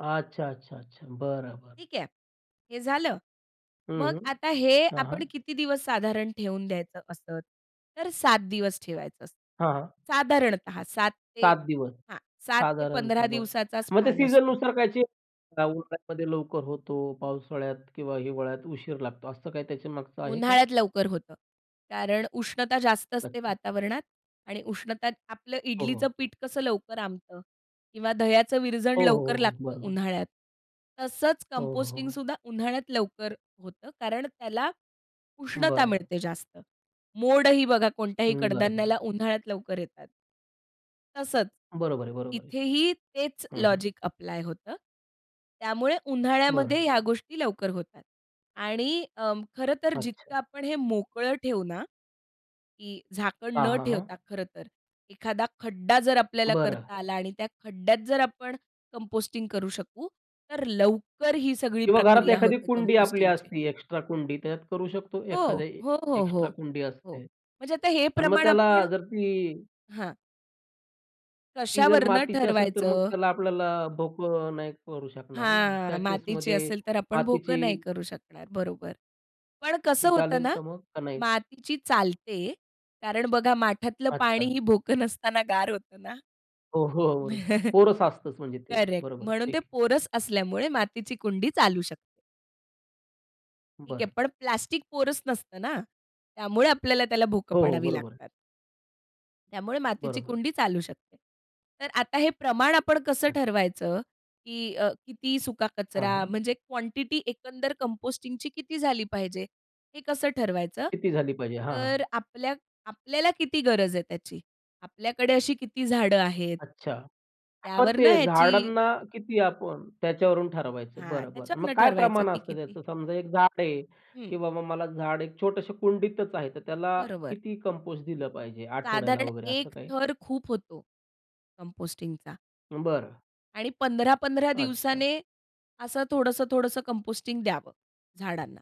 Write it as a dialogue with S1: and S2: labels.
S1: अच्छा, अच्छा, अच्छा! बरं, बरं.
S2: ठीक आहे, हे झालं.
S1: हं,
S2: मग
S1: हं,
S2: आता हे
S1: हां, हां.
S2: आपण किती दिवस साधारण ठेवून द्यायचं असंच? तर 7 दिवस ठेवायचं असतं.
S1: हां, हां.
S2: साधारणतः 7 ते
S1: 7 दिवस
S2: हां, 7-15
S1: साधारणतः बरं.
S2: दिवसाचा
S1: मग ते
S2: स्पॅन असतो.
S1: सीझननुसार काय चेंज उन्हाळ्यामध्ये लवकर होतो, पावसाळ्यात किंवा हिवाळ्यात उशीर लागतो, असं काही त्याच्यामागचं आहे का?
S2: उन्हाळ्यात लवकर होतं. कारण उष्णता जास्त असते
S1: अच्छा.
S2: वातावरणात आणि उष्णता आपलं
S1: हो, हो.
S2: इडलीचं पीठ कसं लवकर आंबतं किंवा दह्याचं विरजण
S1: हो, हो,
S2: लवकर
S1: हो,
S2: लागतं
S1: बरोबर.
S2: उन्हाळ्यात, तसंच
S1: हो, हो, हो.
S2: कंपोस्टिंगसुद्धा उन्हाळ्यात लवकर होतं कारण त्याला उष्णता
S1: बरं.
S2: मिळते जास्त. मोड ही बघा कोणत्याही
S1: अं, बरं, बरं.
S2: कडधान्याला उन्हाळ्यात लवकर येतात. तसंच,
S1: बरोबर आहे, बरोबर आहे.
S2: इथेही तेच
S1: हं, हं.
S2: लॉजिक ॲप्लाय होतं. त्यामुळे उन्हाळ्यामध्ये
S1: बरं.
S2: ह्या गोष्टी लवकर होतात आणि अं, खरं तर जितकं
S1: अच्छा.
S2: आपण हे मोकळं ठेवू ना, की झाकण
S1: हां,
S2: न
S1: हां,
S2: ठेवता
S1: हां.
S2: खरं तर, एखादा खड्डा जर आपल्याला
S1: बरं.
S2: करता आला आणि त्या खड्ड्यात जर आपण कंपोस्टिंग करू शकू तर लवकर ही सगळी
S1: किंवा घरात
S2: प्रक्रिया
S1: एखादी
S2: होते
S1: कुंडी आपली
S2: कंपोस्टिंगची.
S1: असती एक्स्ट्रा कुंडी, त्याच्यात करू शकतो?
S2: हो,
S1: एखादी
S2: हो, हो, हो,
S1: एक्स्ट्रा कुंडी
S2: हो,
S1: असते
S2: म्हणजे आता हे
S1: आणि मग
S2: प्रमाण
S1: त्याला
S2: आपण
S1: जर ती
S2: हां.
S1: ती जर
S2: कशावरुन
S1: मातीची असेल, तर मग
S2: ठरवायचं?
S1: त्याला आपल्याला भोकं नाही करू शकणार ना, मग त्या
S2: हां, मातीची
S1: केसमध्ये
S2: असेल तर आपण
S1: मातीची
S2: भोकं नाही करू शकणार बरोबर. पण
S1: ती
S2: कसं होतं
S1: चालेल
S2: ना,
S1: का मग, का नाही?
S2: मातीची चालते कारण बघा माठातलं
S1: अच्छा.
S2: पाणीही भोकं नसताना गार होतं ना.
S1: हो, हो अर पोरस असतच म्हणजे ते,
S2: करेक्ट,
S1: बरोबर.
S2: म्हणून
S1: ठीक
S2: ते
S1: आहे.
S2: पोरस असल्यामुळे मातीची कुंडी चालू शकते. ठीक आहे,
S1: बरं.
S2: पण प्लास्टिक पोरस नसतं ना? त्यामुळे आपल्याला त्याला भोकं
S1: हो, हो,
S2: पाडावी
S1: बरोबर आहे.
S2: लागतात. त्यामुळे मातीची
S1: बरोबर.
S2: कुंडी चालू शकते. तर आता हे प्रमाण आपण कसं
S1: अच्छा.
S2: ठरवायचं? की अ, किती सुका
S1: हां,
S2: कचरा?
S1: हां.
S2: म्हणजे क्वांटिटी एकंदर कंपोस्टिंगची किती झाली पाहिजे? हे कसं ठरवायचं?
S1: किती झाली पाहिजे? हां,
S2: तर
S1: हां.
S2: आपल्या आपल्याला किती गरज आहे त्याची? आपल्याकडे अशी किती झाडं आहेत?
S1: अच्छा! मग
S2: त्यावरनं
S1: ते
S2: ह्याची
S1: झाडांना किती आपण त्याच्यावरून ठरवायचं
S2: हां,
S1: बरं, बरं. मग
S2: त्याच्यावरनं
S1: काय
S2: ठरवायचं
S1: प्रमाण
S2: की
S1: असतं
S2: किती
S1: त्याचं? समजा एक झाड आहे,
S2: हं.
S1: की बाबा मला झाड एक छोटसं कुंडीतच आहे. तर त्याला
S2: बरोबर.
S1: किती कंपोस्ट दिलं पाहिजे आठवड्याला
S2: साधारण
S1: वगैरे असं
S2: 1
S1: काही?
S2: थर खूप होतो कंपोस्टिंगचा.
S1: बरं.
S2: आणि 15-15
S1: अच्छा.
S2: दिवसाने असं थोडंसं, थोडंसं कंपोस्टिंग द्यावं झाडांना.